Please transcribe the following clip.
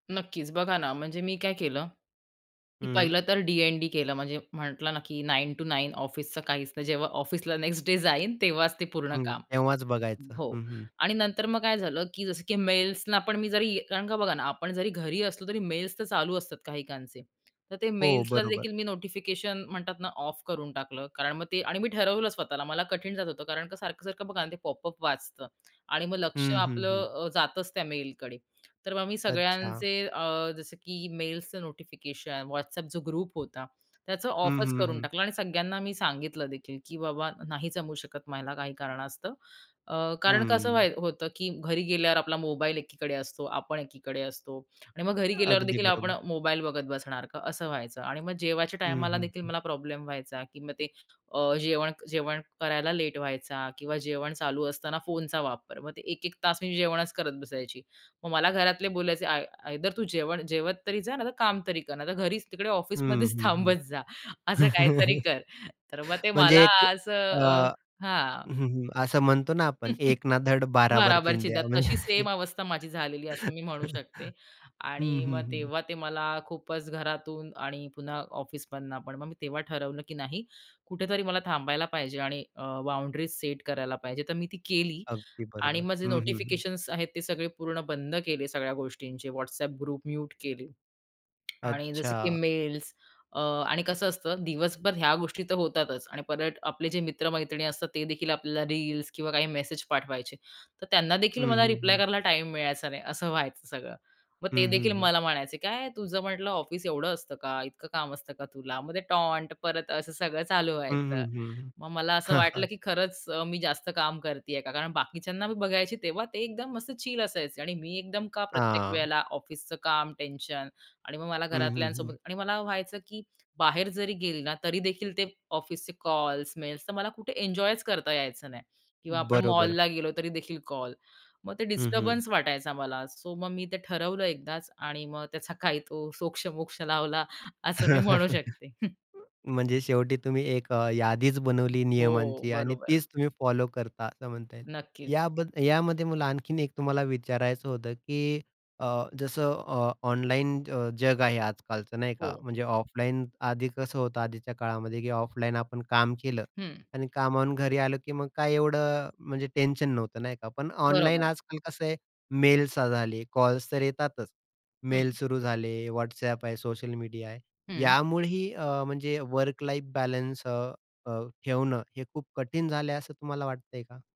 नक्कीच. बघा ना, म्हणजे मी काय केलं, की हं. पहिलं तर डी-एन-डी केलं, म्हणजे म्हटलं ना, की 9 टू 9 ऑफिसचं काहीच नाही. जेव्हा ऑफिसला नेक्स्ट डे जाईन, तेव्हाच ते पूर्ण हं. काम तेव्हाच बघायचं. हो. हं, हं. आणि नंतर मग काय झालं, की जसं की मेल्सना पण मी जरी कारण का बघा ना, आपण जरी घरी असलो, तरी मेल्स तर चालू असतात काहीकांचे, तर ते हो, बरोबर. मेल्सलादेखील मी नोटिफिकेशन म्हणतात ना ऑफ करून टाकलं, कारण मग ते आणि मी ठरवलं स्वतःला मला कठीण जात होतं कारण का सारखं-सारखं बघा ते पॉपअप वाजतं आणि मग लक्ष हं, हं, हं. आपलं अ, जातंच त्या मेलकडे, तर मग मी अच्छा. सगळ्यांचे अ, जसं की मेल्सचं नोटिफिकेशन, WhatsApp जो ग्रुप होता, त्याचं हं, ऑफच हं, करून हं. टाकलं आणि सगळ्यांना मी सांगितलं देखील, की "बाबा आता नाही जमू शकत मला काही कारणास्तव." अ, कारण कसं हं. व्हाय होतं, की घरी गेल्यावर आपला मोबाईल एकीकडे असतो, आपण एकीकडे असतो आणि मग घरी अगदी गेल्यावरदेखील आपण बरोबर. मोबाईल बघत बसणार का, असं व्हायचं आणि मग जेवायच्या हं, टायमालादेखील हं. मला प्रॉब्लेम व्हायचा, की मग ते अ, जेवण जेवण करायला लेट व्हायचा किंवा जेवण चालू असताना फोनचा वापर, मग ते एक-एक तास मी जेवणच करत बसायची. मग मला घरातले बोलायचे आय आयदर तू जेवण जेवत तरी जा, नाहीतर काम तरी कर. नाहीतर घरीच तिकडे हं, ऑफिसमध्येच हं, हं. थांबत जा. असं काहीतरी कर, तर मग ते मला म्हणजे कु असं अ अ हं, हां. हं. असं म्हणतो ना, आपण एक ना धड भाराभर भाराभर चिंद्या चिंदया म्हणजे तशीच सेम अवस्था माझी झालेली आहे असं मी म्हणू शकते. हं, आणि मग हं. हं. तेव्हा ते मला खूपच घरातून आणि पुन्हा ऑफिसमधनं पण मग मी तेव्हा ठरवलं, की नाही कुठेतरी मला थांबायला पाहिजे आणि अ, बाउंडरीज सेट करायला पाहिजे, तर मी ती केली अगदी आणि बरोबर. मग जे हं, हं. नोटिफिकेशन्स आहेत ते सगळे पूर्ण बंद केले सगळ्या गोष्टींचे WhatsApp ग्रुप म्यूट केले. आणि जसं की अच्छा. मेल्स अ, आणि कसं असतं, दिवसभर ह्या गोष्टी तर होतातच आणि परत आपले जे मित्र-मैत्रिणी असतात तेदेखील आपल्याला रील्स किंवा काही मेसेज पाठवायचे, तर हं, त्यांनादेखील मला हं, रिप्लाय हं. करायला टाईम मिळायचा नाही असं व्हायचं सगळं. मग हं, हं, तेदेखील हं. मला म्हणायचे, "काय तुझं म्हटलं ऑफिस एवढं असतं का? इतकं काम असतं का तुला?" मग टॉन्ट परत असं सगळं चालू हं, हं, व्हायचं. हं. मग मला असं हां, हां. वाटलं की खरंच अ, मी जास्त काम करती आहे का? कारण बाकीच्यांना मी बघायची तेव्हा ते एकदम मस्त चिल असायचे आणि मी एकदम का प्रत्येक हां. वेळेला ऑफिसचं काम, टेन्शन आणि मग मला हं, घरातल्यांसोबत हं. आणि मला व्हायचं, की बाहेर जरी गेली ना तरीदेखील ते ऑफिसचे कॉल्स, मेल्स, तर मला कुठे एन्जॉयच करता यायचं नाही किंवा आपण बरोबर. मॉलला गेलो तरीदेखील कॉल, मग ते हं, हं. डिस्टर्बन्स वाटायचा मला सो मग मी ते ठरवलं एकदाच आणि मग त्याचा काही तो सोक्ष मोक्ष लावला असं मी म्हणू शकते. म्हणजे शेवटी तुम्ही एक अ, यादीच बनवली हो. नियमांची आणि बरोबर आहे. तीच तुम्ही फॉलो करता, असं म्हणता येईल. नक्कीच. याबद यामध्ये मला आणखीन एक तुम्हाला विचारायचं होतं, की अ, जसं अ, ऑनलाईन अ, जग आहे आजकालचं नाही का, हो. म्हणजे ऑफलाईन आधी कसं होतं आधीच्या काळामध्ये की ऑफलाईन आपण काम केलं हं. आणि कामावरून घरी आलो की मग काय एवढं म्हणजे टेन्शन नव्हतं नाही का, पण ऑनलाईन बरोबर. आजकाल कसं आहे, मेल्स झाले, कॉल्स तर येतातच. हं. मेल सुरू झाले, WhatsApp आहे, सोशल मीडिया आहे. हं. यामुळेही अ, म्हणजे वर्क लाईफ बॅलन्स अ, अ, ठेवणं हे खूप कठीण झालंय असं तुम्हाला वाटतंय का?